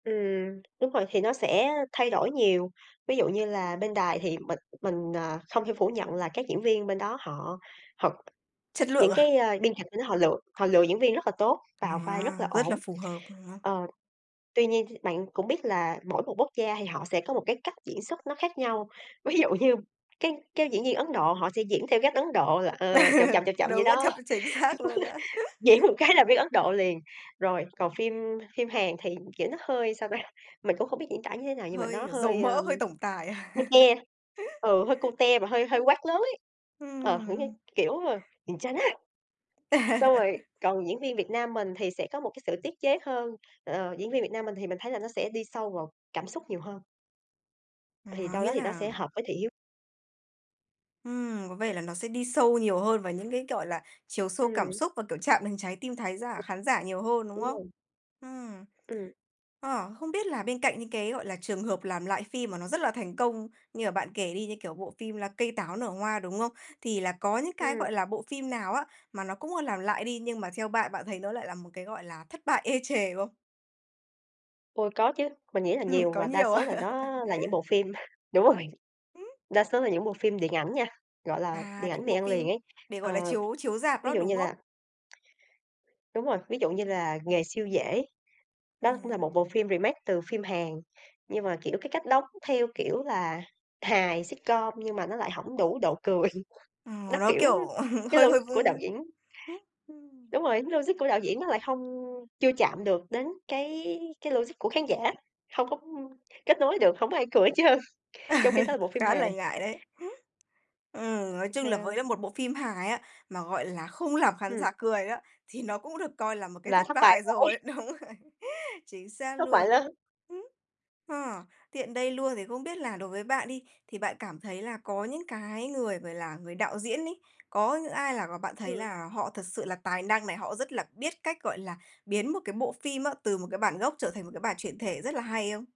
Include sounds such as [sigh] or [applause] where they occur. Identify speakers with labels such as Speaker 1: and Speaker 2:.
Speaker 1: Ừm, đúng rồi, thì nó sẽ thay đổi nhiều. Ví dụ như là bên Đài thì mình mình, à, không thể phủ nhận là các diễn viên bên đó họ họ
Speaker 2: Chất
Speaker 1: những
Speaker 2: lượng à?
Speaker 1: cái, ơ, biên kịch bên đó họ lựa họ lựa diễn viên rất là tốt, vào vai rất là
Speaker 2: À, rất
Speaker 1: ổn.
Speaker 2: là phù hợp [unintelligible]
Speaker 1: Ờ, tuy nhiên th bạn cũng biết là mỗi một quốc gia thì họ sẽ có một cái cách diễn xuất nó khác nhau. Ví dụ như các các diễn viên Ấn Độ họ sẽ diễn theo cách Ấn Độ là, ờ, chậm chậm, chậm
Speaker 2: [laughs]
Speaker 1: chậm vậy
Speaker 2: Đúng, à,
Speaker 1: đó,
Speaker 2: chậm
Speaker 1: [laughs]
Speaker 2: chính xác luôn á.
Speaker 1: diễn một cái là biết Ấn Độ liền. Rồi, còn phim phim Hàn thì, kiểu, nó hơi, sao ta, mình cũng hông biết diễn tả như thế nào, nhưng mà
Speaker 2: Hơi,
Speaker 1: nó
Speaker 2: kiểu, dầu
Speaker 1: hơi,
Speaker 2: mỡ,
Speaker 1: ờm,
Speaker 2: hơi tổng tài. [laughs]
Speaker 1: cute, ừ, hơi cute và hơi hơi
Speaker 2: Ừm.
Speaker 1: quát lớn ấy, ờ, thử đi,
Speaker 2: Ừm.
Speaker 1: kiểu, ờ: "gwenchana." Xong rồi
Speaker 2: [laughs]
Speaker 1: còn diễn viên Việt Nam mình thì sẽ có một cái sự tiết chế hơn, ờ, diễn viên Việt Nam mình thì mình thấy là nó sẽ đi sâu vào cảm xúc nhiều hơn
Speaker 2: Ờ,
Speaker 1: thì đâu đó
Speaker 2: nghĩa
Speaker 1: thì nó
Speaker 2: là
Speaker 1: sẽ hợp với thị hiếu.
Speaker 2: Ừm, có vẻ là nó sẽ đi sâu nhiều hơn vào những cái, gọi là, chiều sâu cảm
Speaker 1: Ừm.
Speaker 2: xúc và, kiểu, chạm đến trái tim thái giả
Speaker 1: [unintelligible]
Speaker 2: khán giả nhiều hơn, đúng
Speaker 1: Đúng
Speaker 2: không?
Speaker 1: rồi.
Speaker 2: Ừm.
Speaker 1: Ừm.
Speaker 2: ờ, không biết là bên cạnh những cái, gọi là, trường hợp làm lại phim mà nó rất là thành công như là bạn kể đi, như, kiểu, bộ phim là Cây Táo Nở Hoa, đúng không? Thì là có những cái,
Speaker 1: Ừm.
Speaker 2: gọi là, bộ phim nào á mà nó cũng, ơ, làm lại đi, nhưng mà theo bạn, bạn thấy nó lại là một cái, gọi là, thất bại ê chề không?
Speaker 1: Ồ, có chứ. Mình nghĩ là
Speaker 2: Ừm,
Speaker 1: nhiều,
Speaker 2: có
Speaker 1: và đa
Speaker 2: nhiều
Speaker 1: số
Speaker 2: à?
Speaker 1: là
Speaker 2: [laughs]
Speaker 1: nó là những bộ phim đúng rồi,
Speaker 2: Ừm.
Speaker 1: đa số là những bộ phim điện ảnh nha, gọi là,
Speaker 2: À,
Speaker 1: điện
Speaker 2: điện
Speaker 1: ảnh mì
Speaker 2: bộ
Speaker 1: ăn liền
Speaker 2: phim
Speaker 1: ấy.
Speaker 2: để, gọi là,
Speaker 1: Ờ,
Speaker 2: chiếu chiếu rạp
Speaker 1: ví
Speaker 2: đó,
Speaker 1: dụ
Speaker 2: đúng
Speaker 1: như
Speaker 2: không?
Speaker 1: là đúng rồi, ví dụ như là "Nghề Siêu Dễ." Đó cũng là một
Speaker 2: Ừm.
Speaker 1: bộ phim remake từ phim Hàn, nhưng mà, kiểu, cái cách đóng theo kiểu là hài sitcom, nhưng mà nó lại hổng đủ độ cười.
Speaker 2: Ờ,
Speaker 1: Nó,
Speaker 2: nó,
Speaker 1: kiểu
Speaker 2: kiểu, ờ,
Speaker 1: cái
Speaker 2: hơi hơi
Speaker 1: logic của đạo diễn Đúng rồi, cái logic của đạo diễn nó lại hông
Speaker 2: [unintelligible]
Speaker 1: chưa chạm được đến cái cái logic của khán giả. Hông có, ưm, kết nối được, hổng ai cười hết trơn, trong khi đó là bộ
Speaker 2: [laughs]
Speaker 1: phim
Speaker 2: Khá là
Speaker 1: hài.
Speaker 2: ngại đấy. Ừm, nói chung là
Speaker 1: Ờ.
Speaker 2: với là một bộ phim hài á, mà, gọi là, không làm khán
Speaker 1: Ừm.
Speaker 2: giả cười á, thì nó cũng được coi là một cái
Speaker 1: Là
Speaker 2: thất
Speaker 1: thất bại
Speaker 2: bại
Speaker 1: rồi.
Speaker 2: rồi, đúng rồi. Chính xác
Speaker 1: Thất bại
Speaker 2: luôn.
Speaker 1: lớn.
Speaker 2: Ơ, tiện đây luôn thì không biết là đối với bạn đi, thì bạn cảm thấy là có những cái người người là người đạo diễn ấy, có những ai là bạn thấy
Speaker 1: Ừm.
Speaker 2: là họ thật sự là tài năng này, họ rất là biết cách, gọi là, biến một cái bộ phim á, từ một cái bản gốc, trở thành một cái bản chuyển thể rất là hay không?